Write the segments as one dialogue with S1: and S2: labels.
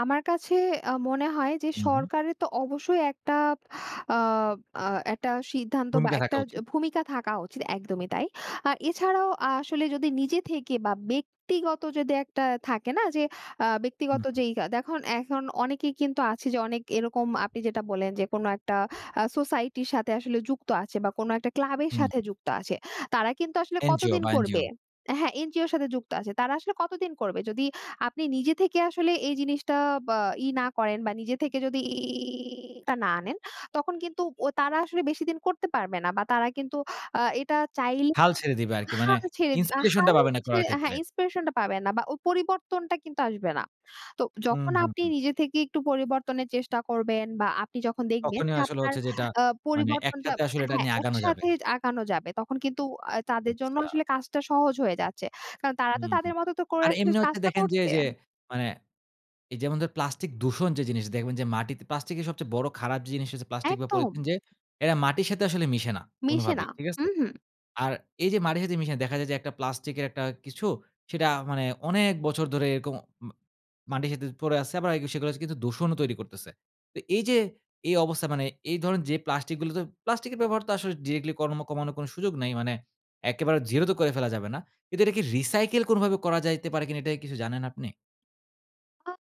S1: আমার কাছে আ মনে হয় যে
S2: উহু।
S1: সরকারের তো অবশ্যই একটা আব আ একটা সিদ্ধান্ত বা
S2: ভূমিকা
S1: একটা
S2: থাকা
S1: য
S2: উচিত।
S1: ভূমিকা থাকা উচিত একদমই তাই। আর এছাড়াও আসলে যদি নিজে থেকে বা ব্যক্তিগত যদি একটা থাকে না? যে আ
S2: হু,
S1: ব্যক্তিগত
S2: হু।
S1: যেই কা দেখুন এখন অনেকে কিন্তু আছে যে অনেক এরকম আপনি যেটা বললেন যে কোন একটা আ সোসাইটির সাথে আসলে যুক্ত আছে বা কোন একটা ক্লাব এর
S2: হু,
S1: সাথে
S2: হু।
S1: যুক্ত আছে। তারা কিন্তু আসলে
S2: এনজিও
S1: কতদিন
S2: বা
S1: করবে
S2: এনজিও।
S1: হ্যাঁ, এনজিওর সাথে যুক্ত আছে। তারা আসলে কতদিন করবে? যদি আপনি নিজে থেকে আসলে এই জিনিসটা বা ই না করেন বা নিজে থেকে যদি ই টা না আনেন তখন কিন্তু ওই তারা আসলে বেশিদিন করতে পারবে না বা তারা কিন্তু আ এটা চাইলে
S2: হাল ছেড়ে দিবে আরকি। মানে
S1: হাল ছেড়ে দেয়া,
S2: inspiration টা
S1: হাল
S2: পাবে না
S1: ছেড়ে
S2: করার
S1: হ্যাঁ,
S2: ক্ষেত্রে।
S1: inspiration টা পাবেন না বা ও পরিবর্তনটা কিন্তু আসবে না। তো
S2: হু,
S1: যখন
S2: হু,
S1: আপনি
S2: হু।
S1: নিজে থেকেই একটু পরিবর্তনের চেষ্টা করবেন বা আপনি যখন দেখবেন
S2: তখনই
S1: যে
S2: আসলে
S1: আপনার
S2: হচ্ছে যে এটা
S1: আ
S2: মানে
S1: পরিবর্তনটা
S2: একসাথে আসলে এটা
S1: হ্যাঁ,
S2: নিয়ে আগানো যাবে।
S1: একসাথে যে আগানো যাবে তখন কিন্তু আ তাদের জন্য
S2: আচ্ছা।
S1: আসলে কাজটা সহজ হয়ে যাচ্ছে। কারণ তারা
S2: হু,
S1: তো
S2: হু।
S1: তাদের মতো, তো করে
S2: আর
S1: আসলে
S2: এমনি হচ্ছে
S1: কাজটা
S2: দেখেন যে,
S1: করছে।
S2: ওইযে মানে এই যেমন ধরে প্লাস্টিক দূষণ যে জিনিস দেখবেন যে মাটিতে প্লাস্টিকের সবচেয়ে বড় খারাপ জিনিস হচ্ছে প্লাস্টিক বা
S1: একদম।
S2: পলিথিন যে এরা মাটির সাথে আসলে মিশে না
S1: মেশে না,
S2: কোনভাবেই। ঠিক আছে?
S1: উহু।
S2: আর এই যে মাটির সাথে মিশে দেখা যায় যে একটা প্লাস্টিক এর একটা কিছু সেটা মানে অনেক বছর ধরে এরকম ম মাটির সাথে পড়ে আছে আবার এগ সেগুলা য কিন্তু দূষণও তৈরি করতেছে। তো এই যে এই অবস্থায় মানে এই ধরনের যে প্লাস্টিক গুলো তো প্লাস্টিকের ব্যবহার তো আসলে ডিরেক্টলি কর্ম কমানোর কোনো সুযোগ নাই। মানে একেবারে জিরো তো করে ফেলা যাবে না। কিন্তু এটা কে রিসাইকেল কোনভাবে করা যাইতে পারে কিনা এটা কি কিছু জানেন আপনি?
S1: আ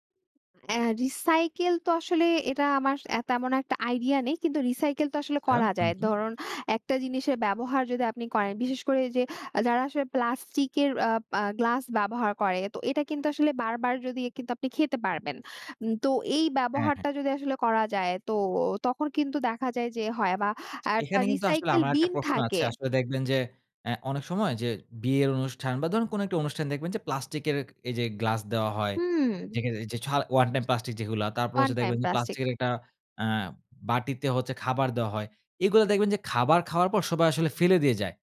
S1: অ্যা রিসাইকেল তো আসলে এটা আমার অ্যা তেমন একটা আইডিয়া নেই কিন্তু রিসাইকেল তো আসলে
S2: আচ্ছা
S1: করা
S2: হু,
S1: যায়।
S2: হু।
S1: ধরুন একটা জিনিসের ব্যবহার যদি আপনি করেন বিশেষ করে, যে যারা আসলে প্লাস্টিক এর আ পা গ্লাস ব্যবহার করে তো এটা কিন্তু আসলে বারবার যদি এ কিন্তু আপনি খেতে পারবেন। উম তো এই
S2: হ্যাঁ, হ্যাঁ।
S1: ব্যবহারটা যদি আসলে করা যায় তো তখন কিন্তু দেখা যায় যে হয় বা একটা
S2: এখানে কিন্তু আসলে
S1: রিসাইকেল
S2: আমার একটা
S1: বিন
S2: প্রশ্ন আছে।
S1: থাকে।
S2: আসলে দেখবেন যে অ্যা অনেক সময় যে বিয়ের অনুষ্ঠান বা ধরুন কোনো একটা অনুষ্ঠান দেখবেন যে প্লাস্টিকের ক এই যে গ্লাস দেওয়া হয়।
S1: হুম।
S2: যেখানে এই যে ছাড় ওয়ান টাইম প্লাস্টিক যেগুলা তারপর হচ্ছে
S1: ওয়ানটাইম
S2: দেখবেন যে
S1: প্লাস্টিক।
S2: প্লাস্টিকের একটা আ বাটিতে হচ্ছে খাবার দেওয়া হয়। এগুলা দেখবেন যে খাবার খাওয়ার পর সবাই আসলে ফেলে দিয়ে যায়।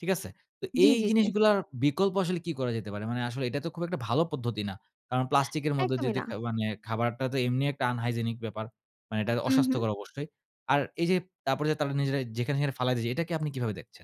S2: ঠিক আছে? তো
S1: জ্বী,
S2: এই
S1: জ্বী, জ্বী।
S2: জিনিসগুলার বিকল্প আসলে কি করা যেতে পারে? মানে আসলে এটা তো খুব একটা ভালো পদ্ধতি না। কারণ প্লাস্টিকের মধ্য দিয়ে
S1: একদমই
S2: দে
S1: না।
S2: খা মানে খাবারটা তো এমনি একটা unhygienic ব্যাপার। মানে এটা
S1: উহু।
S2: অস্বাস্থ্যকর অবশ্যই। আর এই যে তারপরে যে তারা নিজেরাই যেখানে সেখানে ফালাই দিয়ে যায় এটাকে আপনি কিভাবে দেখছেন?